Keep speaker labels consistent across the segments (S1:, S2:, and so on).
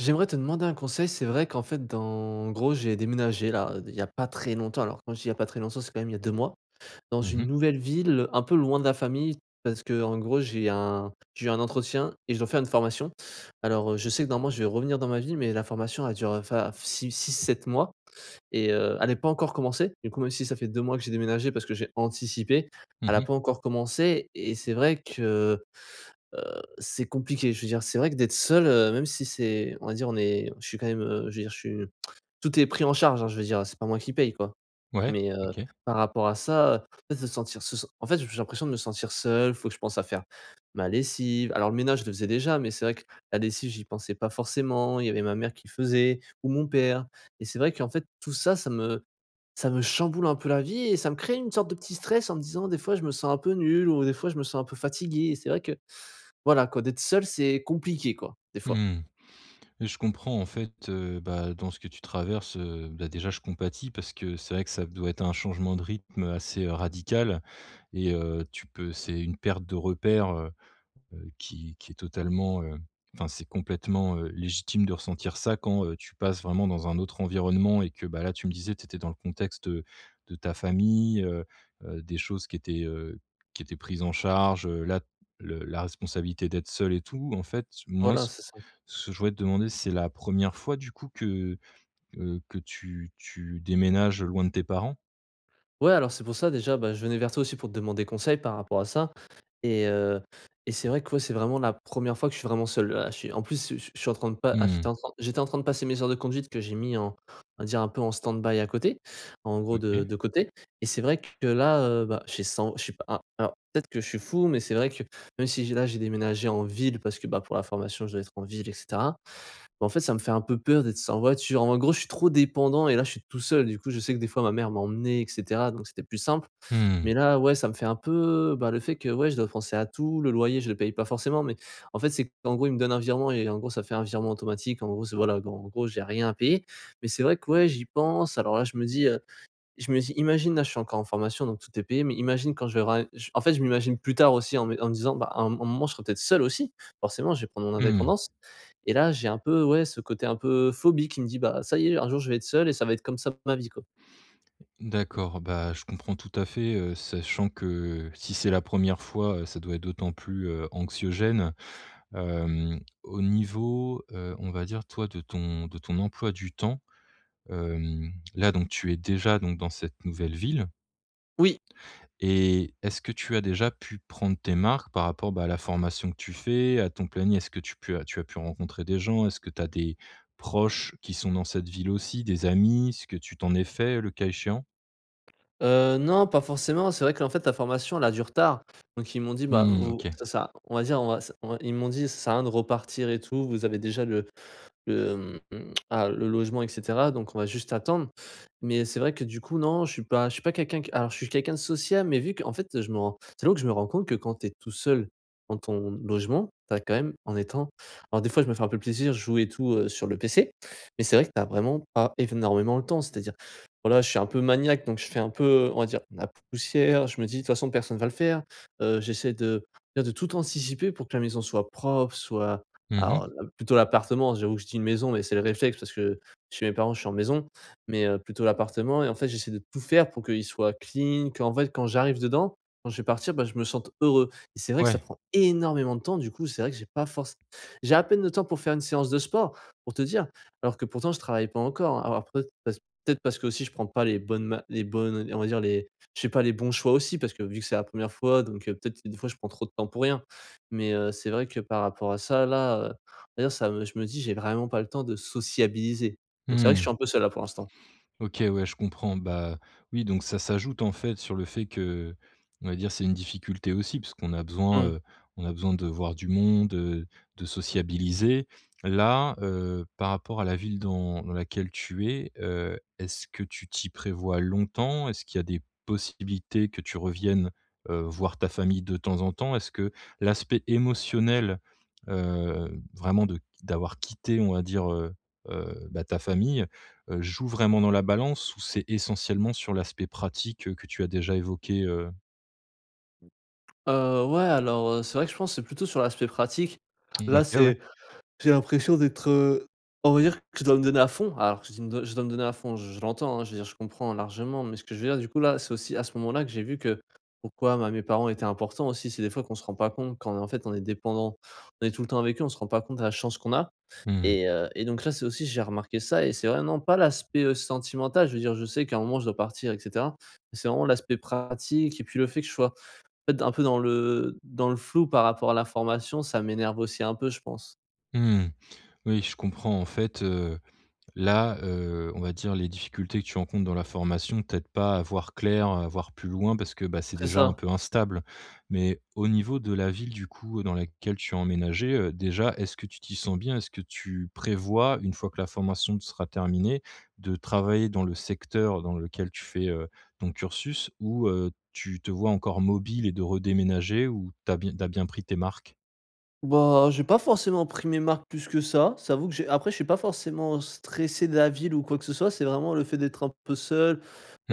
S1: J'aimerais te demander un conseil. C'est vrai qu'en fait dans en gros, j'ai déménagé là, d il y a pas très longtemps. Alors quand je dis, il y a pas très longtemps, c'est quand même il y a 2 mois. Dans
S2: Mmh
S1: une
S2: mh.
S1: nouvelle ville, un peu loin de la famille, parce qu'en gros j'ai un, j'ai eu un entretien et je dois faire une formation. Alors heu, je sais que normalement, je vais revenir dans ma ville, mais la formation elle dure enfin f 6-6-7 mois. Et heu, elle est pas encore commencée, du coup, même si ça fait 2 mois que j'ai déménagé, parce que j'ai anticipé,
S2: Mmh
S1: elle a
S2: mh.
S1: pas encore commencé. Et c'est vrai que, heu, c'est compliqué. Je veux dire, c'est vrai, que d'être seul, heu, même si c'est, on va dire, on est je suis quand même, heu, je veux dire, je suis, tout est pris en charge hein, je veux dire, c'est pas moi qui paye, quoi.
S2: Ouais,
S1: Mais heu,
S2: OK.
S1: par rapport à ça, en fait se sentir, se sen en fait, j j'ai l'impression de me sentir seul. Faut que je pense à faire ma lessive, alors le ménage je le faisais déjà, mais c'est vrai que la lessive j'y pensais pas forcément. Il y avait ma mère qui le faisait ou mon père. Et c'est vrai, qu'en fait, tout ça, ça me ça me chamboule un peu la vie et ça me crée une sorte de petit stress en me disant, des fois: «Je me sens un peu nul», ou des fois, «Je me sens un peu fatigué», et c'est vrai que, voilà quoi, d'être seul c'est compliqué quoi, des fois.
S2: Mmh, je comprends en fait, heu, bah, dans ce que tu traverses heu, bah, déjà je compatis parce que c'est vrai que ça doit être un changement de rythme, assez radical. Et heu, tu peux, c'est une perte de repères heu, heu, qui qui est totalement heu, enfin c'est complètement heu, légitime de ressentir ça quand heu, tu passes vraiment dans un autre environnement et que bah, là tu me disais, tu étais dans le contexte, heu, de ta famille heu, heu, des choses qui étaient heu, qui étaient prises en charge heu, là, le la responsabilité d'être seul et tout. En fait moi
S1: Voilà,
S2: ce
S1: c'est ça.
S2: ce que je voudrais te demander, c'est la 1re fois du coup que, heu, que tu tu déménages, heu, loin de tes parents?
S1: Ouais alors, c'est pour ça déjà, bah je venais vers toi aussi pour te demander conseil par rapport à ça et heu, et c'est vrai que ouais, c'est vraiment la 1re fois que je suis vraiment seul, là. Je suis en plus, je suis je suis en train de pas, ah j'étais
S2: Mmh.
S1: en train j'étais en train de passer mes heures de conduite que j'ai mis en, on va dire, un peu en stand by à côté. En gros de
S2: OK.
S1: de côté. Et c'est vrai que là heu, bah, je suis sans je suis pas a alors, peut-être que je suis fou, mais c'est vrai que même si j'ai là, j'ai déménagé en ville, parce que bah, pour la formation je dois être en ville et cetera. Bah, en fait, ça me fait un peu peur d'être sans voiture, en gros je suis trop dépendant et là je suis tout seul, du coup, je sais que des fois ma mère m'emmenait et cetera donc c'était plus simple.
S2: Mmh mh.
S1: Mais là, ouais ça me fait un peu bah, le fait que, ouais je dois penser à tout, le loyer je le paye pas forcément mais, en fait c'est qu'en gros, ils me donnent un virement, et en gros, ça fait un virement automatique, en gros c'est voilà, donc en gros j'ai rien à payer. Mais c'est vrai que ouais, j'y pense alors là, je me dis heu, je me dis imagine là je suis encore en formation, donc tout est payé mais imagine quand je vais ram je en fait, je m'imagine plus tard aussi en me en me disant: «Bah à un mom à un moment, je serai peut-être seul aus.si, forcément. Je vais prendre mon
S2: Mmh.
S1: indépendance.». Et là j'ai un peu, ouais ce côté un peu phobie, qui me dit: «Bah, ça y est un jour je vais être seul et ça va être comme ça pour ma vie quoi.».
S2: D'accord, bah je comprends tout à fait, heu, sachant que, si c'est la 1re fois, heu, ça doit être d'autant plus heu, anxiogène. Hem, au niveau heu, on va dire, toi de ton de ton emploi du temps. Hem, là donc tu es déjà donc dans cette nouvelle ville?
S1: Oui!
S2: Et, est-ce que tu as déjà pu prendre tes marques par rapport bah, à la formation que tu fais, à ton planning? Est-ce que tu pu tu as pu rencontrer des gens? Est-ce que tu as des proches qui sont dans cette ville aussi? Des amis? Est-ce que tu t'en es faits, heu, le cas échéant?
S1: Heu, non pas forcément, c'est vrai, qu'en fait, la formation elle a du retard. Donc ils m'ont dit: «Bah
S2: Mmh mh,
S1: vous, ça
S2: OK.
S1: sert à, on va dire on va s», ils m'ont dit: «Ça sert à rien de repartir et tout, vous avez déjà le le, mmh, ah, le logement et cetera donc on va juste attendre.». Mais, c'est vrai que, du coup non, je suis pas, je suis pas quelqu'un qui alors je suis quelqu'un de sociable, mais vu qu'en fait je me rends, c'est là que je me rends compte que, quand tu es tout seul, dans ton logement, tu as quand même, en étant Alors des fois je me fais un peu plaisir, je joue et tout heu sur le PC, mais c'est vrai que tu as vraiment pas énormément le temps, c'est-à-dire voilà, je suis un peu maniaque donc je fais un peu, heu, on va dire, ma poussière, je me dis, de toutes façons, personne va le faire. Heu, j'essaie de, bien de tout anticiper pour que la maison soit propre, soit,
S2: Mmh mh.
S1: alors l plutôt l'appartement j'avoue que je dis une maison mais c'est le réflexe, parce que chez mes parents, je suis en maison. Mais heu, plutôt l'appartement et en fait j'essaie de tout faire pour qu'il soit clean, qu'en fait quand j'arrive dedans, quand je vais partir bah je me sente heureux. Et c'est vrai que ça
S2: Ouais.
S1: prend énormément de temps, du coup, c'est vrai que j'ai pas forcé J'ai à peine le temps pour faire une séance de sport, pour te dire, alors que pourtant je travaille pas encore alors peut-être parce que peut-être parce qu'aussi je prends pas les bonnes ma les bonnes, on di on va dire, les je sais pas les bons choix aussi, parce que vu que c'est la 1re fois donc, heu peut-être, des fois je prends trop de temps pour rien. Mais heu, c'est vrai que par rapport à ça, là heu D'ailleurs ça me je me dis: «J'ai vraiment pas le temps de sociabiliser.». Donc c'est
S2: Mmh
S1: vrai que je
S2: mh.
S1: suis un peu seul, là pour l'instant.
S2: OK, ouais je comprends. Bah, oui donc ça s'ajoute en fait sur le fait que, on va dire, c'est une difficulté aussi puisqu'on a besoin,
S1: Mmh.
S2: heu, on a besoin de voir du monde heu, de sociabiliser. Là, heu, par rapport à la ville dans dans laquelle tu es, heu, est-ce que tu t'y prévois longtemps? Est-ce qu'il y a des possibilités que tu reviennes heu, voir ta famille de temps en temps? Est-ce que l'aspect émotionnel heu, vraiment de d'avoir quitté, on va dire, heu heu, bah ta famille, heu, joue vraiment dans la balance ou c'est essentiellement sur l'aspect pratique que tu as déjà évoqué, heu?
S1: Heu, ouais alors, heu, c'est vrai que je pense c'est plutôt sur l'aspect pratique. Là
S2: OK, ouais.
S1: c'est j'ai l'impression d'être, heu, on va dire que je dois me donner à fond. Alors que je dis je dois me donner à fond, je je l'entends hein, je veux dire, je comprends largement. Mais ce que je veux dire, du coup, là, c'est aussi, à ce moment-là, que j'ai vu que pourquoi, bah, mes parents étaient importants aussi. C'est des fois, qu'on se rend pas compte, quand en fait on est dépendant. On est tout le temps avec eux, on se rend pas compte la chance qu'on a.
S2: Mmh.
S1: Et heu, et donc là, c'est aussi, j'ai remarqué ça, et c'est vrai, non, pas l'aspect, heu, sentimental, je veux dire, je sais qu'à un moment je dois partir et cetera. Mais c'est vraiment l'aspect pratique et puis le fait que je sois, en fait, un peu dans le, dans le flou par rapport à la formation, ça m'énerve aussi un peu je pense.
S2: Mmh mh. Oui, je comprends en fait, heu, là, heu, on va dire, les difficultés que tu rencontres dans la formation, t'aident pas à voir clair, heu, à voir plus loin parce que, bah, c'est
S1: C'est
S2: déjà un
S1: ça.
S2: peu instable. Mais au niveau de la ville, du coup, dans laquelle tu as emménagé, heu, déjà, est-ce que tu t'y sens bien? Est-ce que tu prévois, une fois que la formation sera terminée, de travailler dans le secteur dans lequel tu fais, heu, ton cursus ou, heu, tu te vois encore mobile et de redéménager? Ou tu as bi tu as bien pris tes marques?
S1: Bah, j'ai pas forcément pris mes marques plus que ça. Ça avoue que j'ai après je suis pas forcément stressé de la ville ou quoi que ce soit. C'est vraiment le fait d'être un peu seul,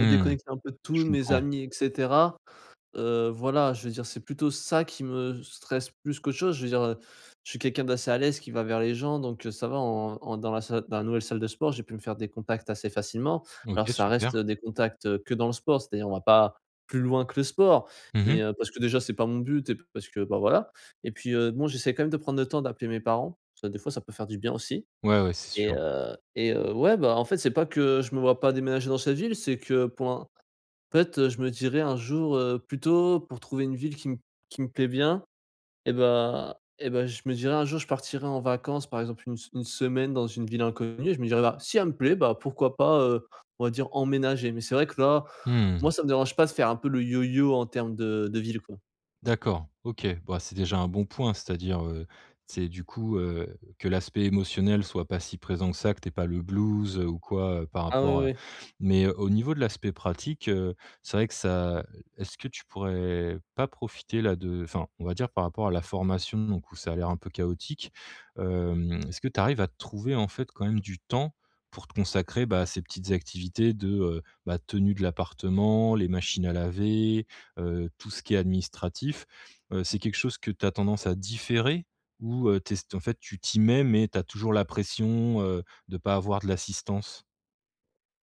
S1: heu, déconnecté un peu de
S2: Je
S1: tout, mes
S2: comprends.
S1: amis et cetera. Heu, voilà je veux dire c'est plutôt ça qui me stresse plus qu'autre chose. Je veux dire, heu, je suis quelqu'un d'assez à l'aise, qui va vers les gens donc, heu, ça va en en dans la salle dans la nouvelle salle de sport, j'ai pu me faire des contacts assez facilement. Alors
S2: OK,
S1: ça
S2: super.
S1: reste des contacts, heu, que dans le sport. C'est-à-dire on va pas plus loin que le sport
S2: Mmh
S1: mais,
S2: mh.
S1: heu, parce que déjà c'est pas mon but et puis parce que, bah, voilà. Et puis, heu, bon j'essaie quand même de prendre le temps d'appeler mes parents. Heu, des fois ça peut faire du bien aussi
S2: Ouais, ouais, c'est
S1: et
S2: sûr.
S1: heu et heu, ouais, bah, en fait c'est pas que je me vois pas déménager dans cette ville, c'est que pour l'in en fait je me dirais un jour, heu, plutôt pour trouver une ville qui me qui me plaît bien et bah et bah, je me dirais, un jour, je partirai en vacances, par exemple, 1 se une semaine dans une ville inconnue. Je me dirais, bah: «Si elle me plaît, bah, pourquoi pas, heu, on va dire emménager.» Mais c'est vrai que là, moi
S2: Mmh.
S1: ça me dérange pas de faire un peu le yoyo en termes de de ville quoi.
S2: D'accord, OK, bah, c'est déjà un bon point. C'est-à-dire, heu, c'est du coup, heu, que l'aspect émotionnel soit pas si présent que ça, que tu aies pas le blues, heu, ou quoi par
S1: Ah oui,
S2: rapport, heu
S1: oui, oui.
S2: mais au niveau de l'aspect pratique, heu, c'est vrai que ça, est-ce que tu pourrais pas profiter là de enfin, on va dire, par rapport à la formation donc où ça a l'air un peu chaotique, hem, est-ce que tu arrives à te trouver en fait quand même du temps pour te consacrer, bah, à ces petites activités de, heu, bah, de tenue de l'appartement, les machines à laver, heu, tout ce qui est administratif? Heu, c'est quelque chose que tu as tendance à différer ou, heu, tu es s en fait, tu t'y mets mais tu as toujours la pression, heu, de pas avoir de l'assistance?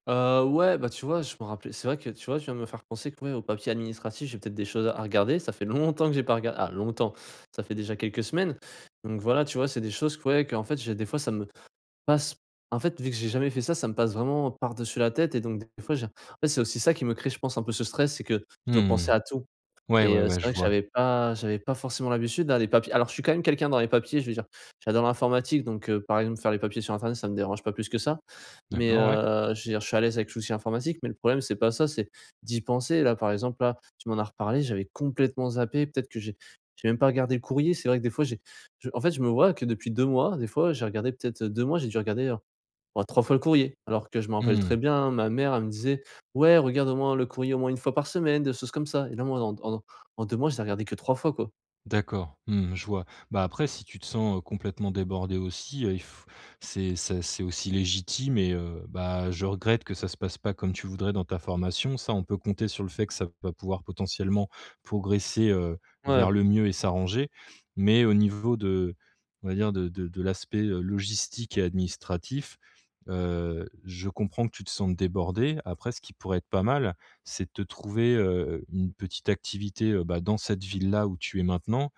S1: Heu, ouais, bah tu vois je me rappelais c'est vrai que tu vois, tu viens de me faire penser, que ouais, aux papiers administratifs, j'ai peut-être des choses à regarder ça fait longtemps que j'ai pas rega ah longtemps, ça fait déjà quelques semaines. Donc voilà tu vois c'est des choses que ouais qu'en fait j'ai des fois ça me passe en fait vu que j'ai jamais fait ça, ça me passe vraiment par-dessus la tête et donc des fois j'ai en fait c'est aussi ça qui me crée je pense un peu ce stress c'est que je dois penser
S2: Mmh.
S1: à tout
S2: Ouais,
S1: et
S2: ouais,
S1: heu,
S2: ouais
S1: c'est
S2: je
S1: vrai que
S2: vois.
S1: j'avais pas j'avais pas forcément l'habitude hein les papiers alors je suis quand même quelqu'un dans les papiers je veux dire, j'adore l'informatique donc, heu, par exemple faire les papiers sur internet, ça me dérange pas plus que ça. Mais,
S2: D'accord, ouais.
S1: heu, je veux dire je suis à l'aise avec tout ce qui est informatique mais le problème c'est pas ça, c'est d'y penser, là par exemple là, tu m'en as reparlé j'avais complètement zappé peut-être que j'ai j'ai même pas regardé le courrier. C'est vrai que des fois j'ai je en fait je me vois que depuis 2 mois des fois j'ai regardé peut-être 2 mois, j'ai déjà regardé, heu oh 3 fois le courrier. Alors que je me rappelle très
S2: Mmh.
S1: bien ma mère elle me disait: «Ouais regarde au moins le courrier au moins 1 fois par semaine», des choses comme ça et là moi en en en 2 mois j'ai regardé que 3 fois quoi.
S2: D'accord, mmh, je vois, bah après, si tu te sens, heu, complètement débordé aussi, il f c'est c'est c'est aussi légitime et heu, bah je regrette que ça se passe pas comme tu voudrais dans ta formation. Ça on peut compter sur le fait que ça va pouvoir potentiellement progresser, heu, vers
S1: Ouais.
S2: le mieux et s'arranger. Mais au niveau de, on va dire de de de l'aspect, heu, logistique et administratif, heu, je comprends que tu te sentes débordé. Après ce qui pourrait être pas mal, c'est de te trouver, heu heu, une petite activité, heu, bah dans cette ville-là où tu es maintenant.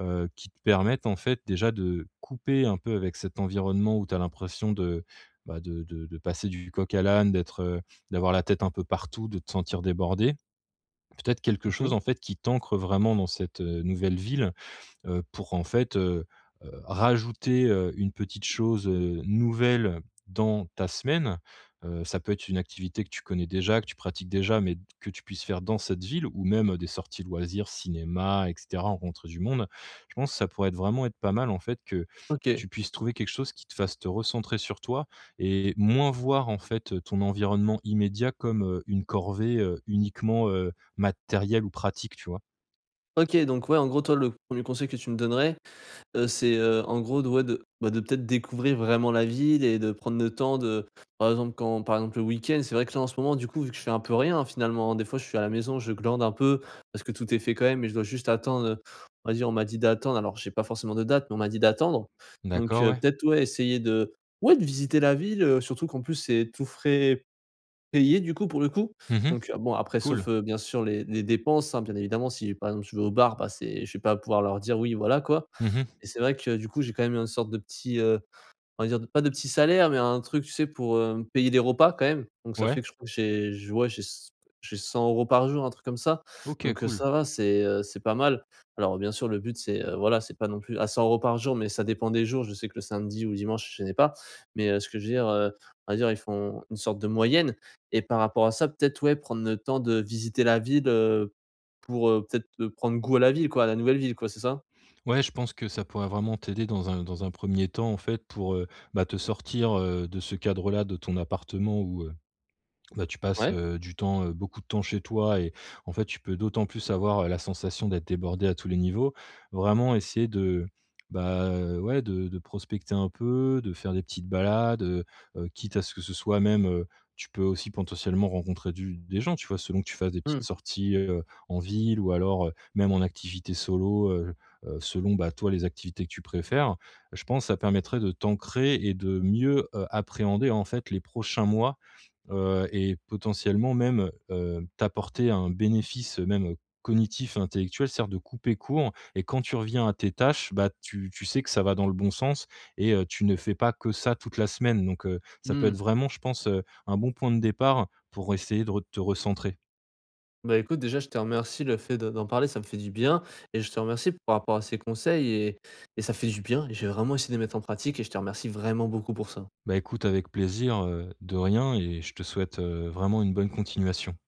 S2: Heu, qui te permette en fait déjà de couper un peu avec cet environnement où tu as l'impression de, bah de de de passer du coq à l'âne, d'être, heu, d'avoir la tête un peu partout, de te sentir débordé. Peut-être quelque
S1: Mmh
S2: chose
S1: mh.
S2: en fait qui t'ancre vraiment dans cette, heu, nouvelle ville, heu, pour en fait, heu heu, rajouter, heu, une petite chose, heu, nouvelle dans ta semaine. Heu, ça peut être une activité que tu connais déjà, que tu pratiques déjà, mais que tu puisses faire dans cette ville ou même des sorties de loisirs cinéma, et cetera, rencontrer du monde. Je pense ça pourrait être vraiment être pas mal en fait que
S1: OK.
S2: tu puisses trouver quelque chose qui te fasse te recentrer sur toi et moins voir en fait ton environnement immédiat comme, heu, une corvée, heu, uniquement, heu, matérielle ou pratique, tu vois?
S1: OK donc ouais en gros toi le 1er conseil que tu me donnerais, heu, c'est, heu, en gros de ouais de bah de peut-être découvrir vraiment la ville et de prendre le temps, de, par exemple quand par exemple le week-end c'est vrai que là en ce moment du coup vu que je fais un peu rien hein finalement. Des fois je suis à la maison je glande un peu parce que tout est fait quand même mais je dois juste attendre, heu, on va dire, on m'a dit d'attendre, alors j'ai pas forcément de date mais on m'a dit d'attendre. Donc,
S2: D'accord,
S1: heu,
S2: ouais.
S1: peut-être ouais essayer de ouais de visiter la ville, heu, surtout qu'en plus c'est tous frais payés du coup pour le coup.
S2: Mmh mh,
S1: Donc, bon après
S2: cool.
S1: sauf bien sûr les les dépenses hein bien évidemment si par exemple tu vas au bar, bah, c'est je vais pas pouvoir leur dire: «Oui voilà quoi.»
S2: Mmh mh.
S1: Et c'est vrai que du coup j'ai quand même une sorte de petit, heu, on va dire, pas de petit salaire mais un truc tu sais pour, heu, payer des repas quand même. Donc ça
S2: Ouais.
S1: fait que je crois j'ai j'ai ouais c j'ai 100 € par jour un truc comme ça.
S2: OK
S1: Donc, heu,
S2: cool.
S1: ça va c'est, heu, c'est pas mal. Alors, heu, bien sûr le but c'est, heu, voilà c'est pas non plus à 100 € par jour mais ça dépend des jours je sais que le samedi ou dimanche je les ai pas mais, heu, ce que je veux dire, heu, on va dire ils font une sorte de moyenne et par rapport à ça, peut-être ouais prendre le temps de visiter la ville, heu, pour, heu, peut-être de prendre goût à la ville quoi, la nouvelle ville quoi, c'est ça?
S2: Ouais je pense que ça pourrait vraiment t'aider dans un dans un 1er temps en fait pour, heu, bah te sortir, heu, de ce cadre-là de ton appartement où, heu, bah, tu passes,
S1: Ouais.
S2: heu, du temps, beaucoup de temps chez toi. Et en fait, tu peux d'autant plus avoir la sensation d'être débordé à tous les niveaux. Vraiment essayer de, bah, heu, ouais de de prospecter un peu, de faire des petites balades, heu heu, quitte à ce que ce soit même, heu, tu peux aussi potentiellement rencontrer du des gens, tu vois, selon que tu fasses des petites
S1: Mmh.
S2: sorties, heu, en ville ou alors, heu, même en activité solo, heu heu, selon bah toi, les activités que tu préfères. Je pense ça permettrait de t'ancrer et de mieux, heu, appréhender, heu, en fait les prochains mois, heu, et potentiellement même, heu, t'apporter un bénéfice, heu, même, heu, cognitif intellectuel. C'est-à-dire de couper court et quand tu reviens à tes tâches bah, tu tu sais que ça va dans le bon sens et heu, tu ne fais pas que ça toute la semaine. Donc heu, ça peut être
S1: Mmh.
S2: vraiment je pense, heu, un bon point de départ pour essayer de re te recentrer.
S1: Bah écoute déjà je te remercie le fait de d'en parler ça me fait du bien et je te remercie par rapport à ces conseils et et ça fait du bien et je vais vraiment essayer de les mettre en pratique et je te remercie vraiment beaucoup pour ça.
S2: Bah écoute avec plaisir, heu, de rien et je te souhaite, heu, vraiment une bonne continuation.